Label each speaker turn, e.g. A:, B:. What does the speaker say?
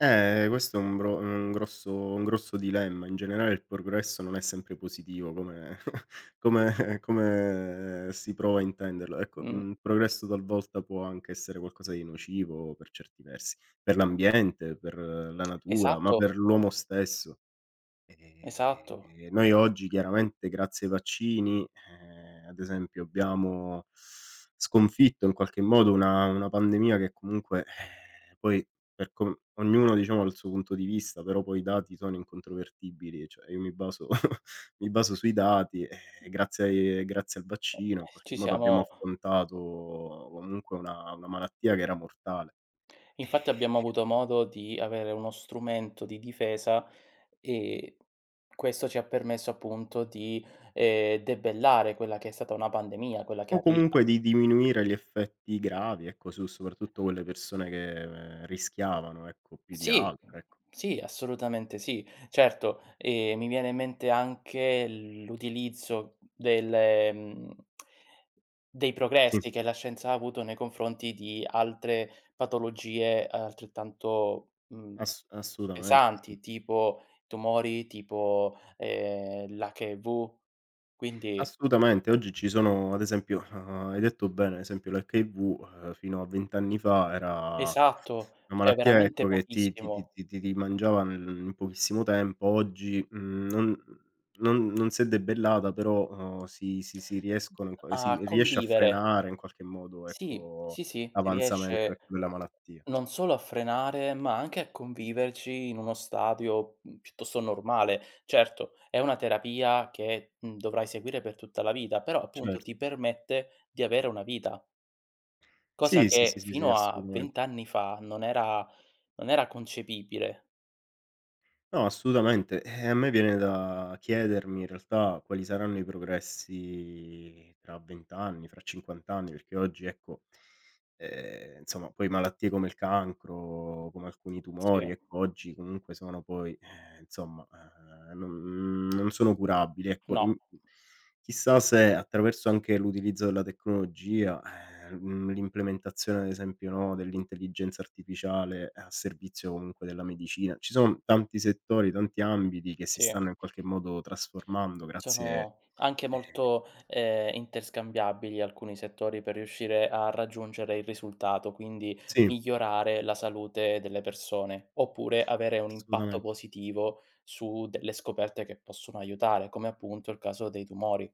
A: Eh questo è un gro un grosso un grosso dilemma. In generale il progresso non è sempre positivo come come come si prova a intenderlo. Ecco,
B: Mh.
A: mhmm, progresso talvolta può anche essere qualcosa di nocivo per certi versi, per l'ambiente, per la natura, ma
B: Esatto.
A: per l'uomo stesso.
B: Esatto.
A: Ehm, noi oggi chiaramente grazie ai vaccini, ehm, ad esempio abbiamo sconfitto in qualche modo una una pandemia che comunque ehm, poi per com ognuno diciamo ha il suo punto di vista, però poi i dati sono incontrovertibili, cioè io mi baso mi baso sui dati, ehm, grazie grazie al vaccino in qualche
B: Ci
A: modo abbiamo
B: siamo
A: affrontato comunque una una malattia che era mortale,
B: Infatti abbiamo
A: ehm
B: avuto modo di avere uno strumento di difesa, ehm, questo ci ha permesso appunto di, ehm, debellare quella che è stata una pandemia, quella che
A: O
B: arriva.
A: comunque di diminuire gli effetti gravi, ecco su soprattutto quelle persone che rischiavano, ecco più di
B: Sì,
A: altre, ecco.
B: sì assolutamente sì. Certo, ehm, mi viene in mente anche l'utilizzo delle, mhmm dei
A: Sì.
B: progressi che la scienza ha avuto nei confronti di altre patologie altrettanto, mhmm,
A: Ass assolutamente sì.
B: pesanti tipo tumori, tipo, ehm, l'HIV. Quindi
A: Assolutamente. Oggi ci sono ad esempio, uhm, hai detto bene ad esempio l'HIV, ehm. fino a 20 anni fa era
B: Esatto,
A: una
B: cioè
A: malattia
B: veramente
A: ecco che ti ti ti
B: pochissimo.
A: ti ti ti mangiava nel in pochissimo tempo. Oggi, mhmm, non non non si è debellata però, uhm, si si si riescono in qua ehm, si
B: A
A: riesce a
B: convivere.
A: frenare in qualche modo
B: Sì,
A: ecco,
B: sì, sì, ti
A: l'avanzamento
B: riesce
A: ecco, della malattia.
B: non solo a frenare, ma anche a conviverci in uno stadio, mhmm, piuttosto normale. Certo è una terapia che, mhmm, dovrai seguire per tutta la vita, però appunto
A: Cert
B: ti permette di avere una vita. Cosa
A: Sì, sì,
B: che
A: sì, sì, sì
B: fino a 20
A: assolutamente.
B: anni fa non era non era concepibile.
A: No assolutamente. Ehm, a me viene da chiedermi in realtà quali saranno i progressi tra 20 anni, fra 50 anni, perché oggi ecco, ehm, insomma poi malattie come il cancro, come alcuni tumori
B: Sì.
A: ecco oggi comunque sono poi, ehm, insomma, ehm, non non sono curabili. Ecco
B: No.
A: in chissà se attraverso anche l'utilizzo della tecnologia, ehm, mhmm, l'implementazione ad esempio, no, dell'intelligenza artificiale a servizio comunque della medicina ci son tanti settori, tanti ambiti che si
B: Sì.
A: stanno in qualche modo trasformando grazie,
B: Sono anche
A: ehm
B: molto, ehm, interscambiabili alcuni settori per riuscire a raggiungere il risultato, quindi
A: Sì.
B: migliorare la salute delle persone, oppure avere un impatto
A: Assolutamen
B: positivo su delle scoperte che possono aiutare, come appunto il caso dei tumori.